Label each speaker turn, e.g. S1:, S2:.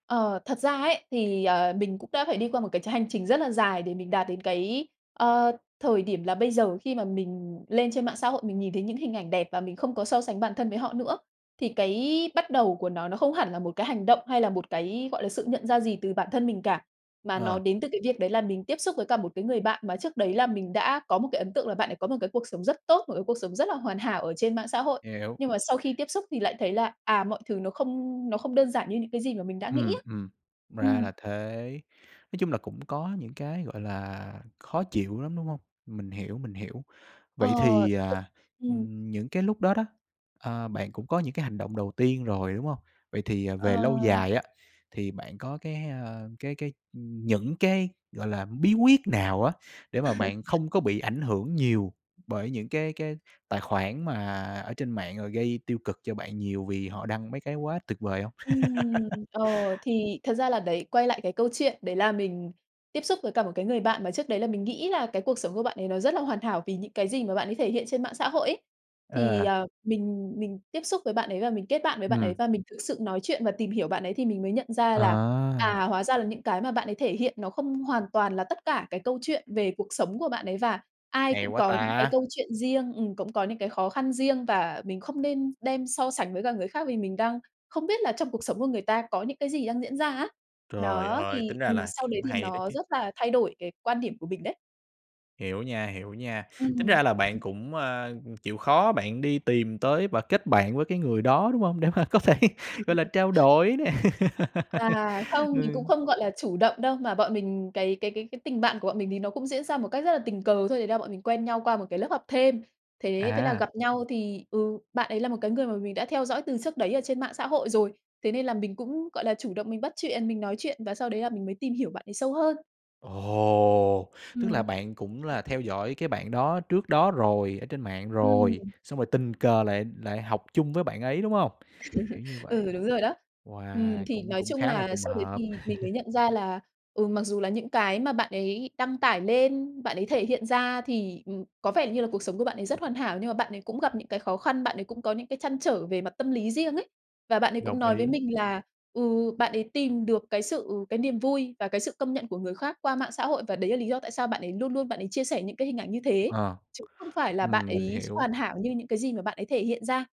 S1: Ờ, thật ra ấy, thì, ờ, mình cũng đã phải đi qua một cái tr hành trình rất là dài để mình đạt đến cái, ơ, thời điểm là bây giờ. Khi mà mình lên trên mạng xã hội, mình nhìn thấy những hình ảnh đẹp và mình không có so sánh bản thân với họ nữa. Thì cái bắt đầu của nó, nó không hẳn là một cái hành động hay là một cái, gọi là, sự nhận ra gì từ bản thân mình cả, mà nó
S2: Ờ.
S1: đến từ cái việc đấy là mình tiếp xúc với cả một cái người bạn, mà trước đấy là mình đã có một cái ấn tượng là bạn đấy có một cái cuộc sống rất tốt, một cái cuộc sống rất là hoàn hảo ở trên mạng xã hội.
S2: Hiểu.
S1: Nhưng mà sau khi tiếp xúc thì lại thấy là, à, mọi thứ nó không nó không đơn giản như những cái gì mà mình đã nghĩ
S2: Ừm,
S1: á.
S2: ừm, ra
S1: Ừm.
S2: là thế. Nói chung là cũng có những cái, gọi là, khó chịu lắm, đúng hông? Mình hiểu, mình hiểu. Vậy
S1: Ờ,
S2: thì, à,
S1: ừm.
S2: ừm, những cái lúc đó đó, à, bạn cũng có những cái hành động đầu tiên rồi, đúng hông? Vậy thì, à, về lâu
S1: Ờ.
S2: dài á, thì bạn có cái, ơ, cái cái ừm, những cái, gọi là, bí quyết nào á để mà bạn không có bị ảnh hưởng nhiều bởi những cái cái tài khoản mà ở trên mạng, rồi gây tiêu cực cho bạn nhiều vì họ đăng mấy cái quá tuyệt vời hông?
S1: Ừm. Ờ, thì thật ra là đấy, quay lại cái câu chuyện đấy là mình tiếp xúc với cả một cái người bạn mà trước đấy là mình nghĩ là cái cuộc sống của bạn ấy nó rất là hoàn thảo vì những cái gì mà bạn ấy thể hiện trên mạng xã hội ấy. Thì,
S2: Ờ.
S1: à, mình mình tiếp xúc với bạn ấy và mình kết bạn với bạn ấy,
S2: Ừm.
S1: và mình thực sự nói chuyện và tìm hiểu bạn ấy thì mình mới nhận ra là,
S2: À!
S1: à, hóa ra là những cái mà bạn ấy thể hiện nó không hoàn toàn là tất cả cái câu chuyện về cuộc sống của bạn ấy. Và ai
S2: Hay
S1: cũng
S2: quá
S1: có những cái
S2: ta!
S1: câu chuyện riêng, ừm, cũng có những cái khó khăn riêng và mình không nên đem so sánh với cả người khác, vì mình đang không biết là trong cuộc sống của người ta có những cái gì đang diễn ra á.
S2: Trời
S1: Đó,
S2: ơi,
S1: thì
S2: tính ra
S1: ừm,
S2: là
S1: sau đấy
S2: cũng
S1: thì
S2: hay đó
S1: nó
S2: chứ!
S1: rất là thay đổi cái quan điểm của mình đấy.
S2: Hiểu nha, hiểu nha. Tính
S1: Ừm.
S2: ra là bạn cũng, à, ừm, chịu khó bạn đi tìm tới và kết bạn với cái người đó, đúng hông? Để mà có thể, gọi là, trao đổi nè.
S1: À, không, mình cũng
S2: Ừm.
S1: không, gọi là, chủ động đâu, mà bọn mình cái cái cái cái tình bạn của bọn mình thì nó cũng diễn ra một cách rất là tình cờ thôi, đấy là bọn mình quen nhau qua một cái lớp học thêm. Thế, thế là
S2: À.
S1: gặp nhau thì ừ, bạn ấy là một cái người mà mình đã theo dõi từ trước đấy ở trên mạng xã hội rồi, thế nên là mình cũng, gọi là, chủ động mình bắt chuyện, mình nói chuyện và sau đấy là mình mới tìm hiểu bạn ấy sâu hơn.
S2: Ồ! Tức là
S1: Ừm.
S2: bạn cũng là theo dõi cái bạn đó trước đó rồi, ở trên mạng rồi,
S1: Ừm.
S2: xong rồi tình cờ lại lại học chung với bạn ấy, đúng hông? Kiểu như vậy.
S1: Ừ, đúng rồi đó. Ừm,
S2: Wow!
S1: thì
S2: Cũng
S1: nói
S2: cũng
S1: chung
S2: khá là
S1: là
S2: trùng
S1: sau đấy thì
S2: hợp.
S1: mình mới nhận ra là, ừ, mặc dù là những cái mà bạn ấy đăng tải lên, bạn ấy thể hiện ra thì, ừm, có vẻ như là cuộc sống của bạn ấy rất hoàn hảo, nhưng mà bạn ấy cũng gặp những cái khó khăn, bạn ấy cũng có những cái trăn trở về mặt tâm lý riêng ấy. Và bạn ấy cũng
S2: Đồng
S1: nói với
S2: ý.
S1: mình là, ừ, bạn ấy tìm được cái sự cái niềm vui và cái sự công nhận của người khác qua mạng xã hội, và đấy là lý do tại sao bạn ấy luôn luôn bạn ấy chia sẻ những cái hình ảnh như thế,
S2: Ờ,
S1: chứ không phải là bạn
S2: ừm, mình
S1: ấy
S2: hiểu.
S1: hoàn hảo như những cái gì mà bạn ấy thể hiện ra.